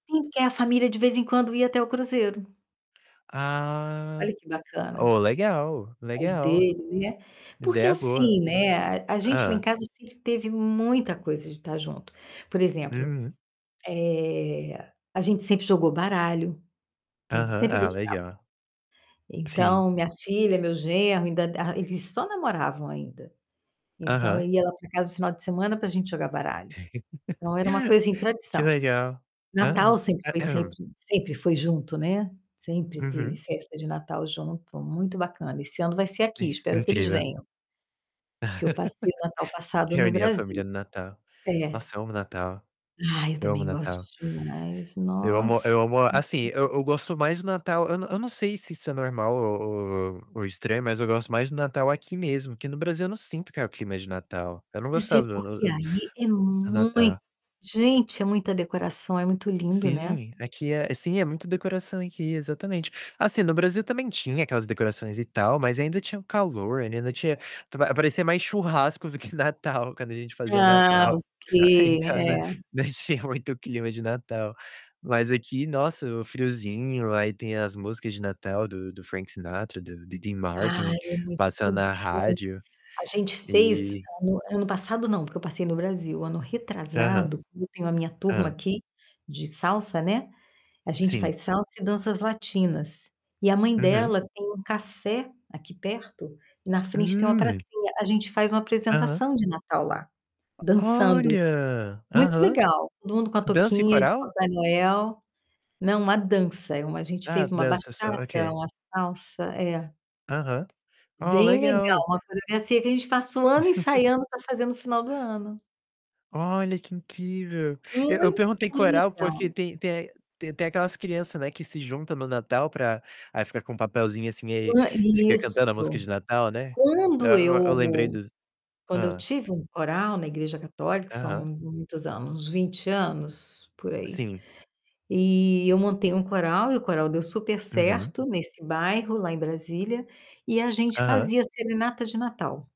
Sim, que a família de vez em quando ia até o Cruzeiro. Ah! Olha que bacana. Ô, legal, Mas legal. dele, né. Porque Ideia boa. assim, né, a a gente lá em Hã. casa sempre teve muita coisa de tá junto. Por exemplo, Uhum. eh, a gente sempre jogou baralho, a gente Aham, sempre ah, gostava. legal. Sim. Então, minha filha, meu genro, ainda ah, eles só namoravam ainda. Então Aham. ia lá pra casa no final de semana pra gente jogar baralho. Então era uma coisa em Que tradição. legal. Natal Aham. sempre E foi sempre sempre foi junto, né, sempre teve Uhum. festa de Natal junto, muito bacana. Esse ano vai ser aqui; Iss espero que eles incrível. venham. Que eu passei o Natal passado no Reunir a família Brasil. no Natal. É. Nossa, eu amo o Natal. Ai, eu Eu amo o também gosto Natal. demais, Eu amo nossa! eu amo assim, eu [unintelligible] eu gosto mais do Natal, eu n eu não sei se isso é normal ou ou ou estranho, mas eu gosto mais do Natal aqui mesmo, que no Brasil eu não sinto que é o clima de Natal. Eu não Mas é gostava do porque, do do aí, é muito Natal. gente, é muita decoração, é muito lindo, né? Sim, aqui é sim, é muito decoração aqui, exatamente. Assim, no Brasil também tinha aquelas decorações e tal, mas ainda tinha o calor, ainda tinha tu vai parecia mais churrasco do que Natal quando a gente fazia Ah, Natal. ok, Em casa é. não tinha muito clima de Natal. Mas aqui, nossa, o friozinho, aí tem as músicas de Natal do do Frank Sinatra, do Diddy Martin Ai, é muito passando na bom. rádio. A gente fez E ano ano passado não, porque eu passei no Brasil, ano Aham. retrasado, eu tenho a minha turma Hã. aqui de salsa, né, a gente Sim. faz salsa e danças latinas. E a mãe Uhum. dela tem um café aqui perto, na frente tem uma Hum. pracinha. A gente faz uma Aham. apresentação de Natal lá, O dançando. olha! Muito Aham. legal. Todo mundo com a Dança e toquinha de coral? Papai Noel não uma dança, a gente Ah, fez uma dança bachata, só, ok. uma salsa, é. Aham. Ó, Bem legal, legal. uma coreografia que a gente passa o ano ensaiando pra fazer no final do ano. Olha, que incrível. E eu Muito perguntei coral, porque legal. tem tem é t tem aquelas criança, né, que se junta no Natal pra aí fica com papelzinho, assim, e Quan fica cantando a música isso. de Natal, né, e Quando eu, eu lembrei eu dos quando eu hã. tive um coral na igreja católica, são Aham. muitos anos, uns 20 anos, por aí. Sim. E eu montei um coral, e o coral deu super Uhum. certo nesse bairro, lá em Brasília, e a gente Aham. fazia serenata de Natal.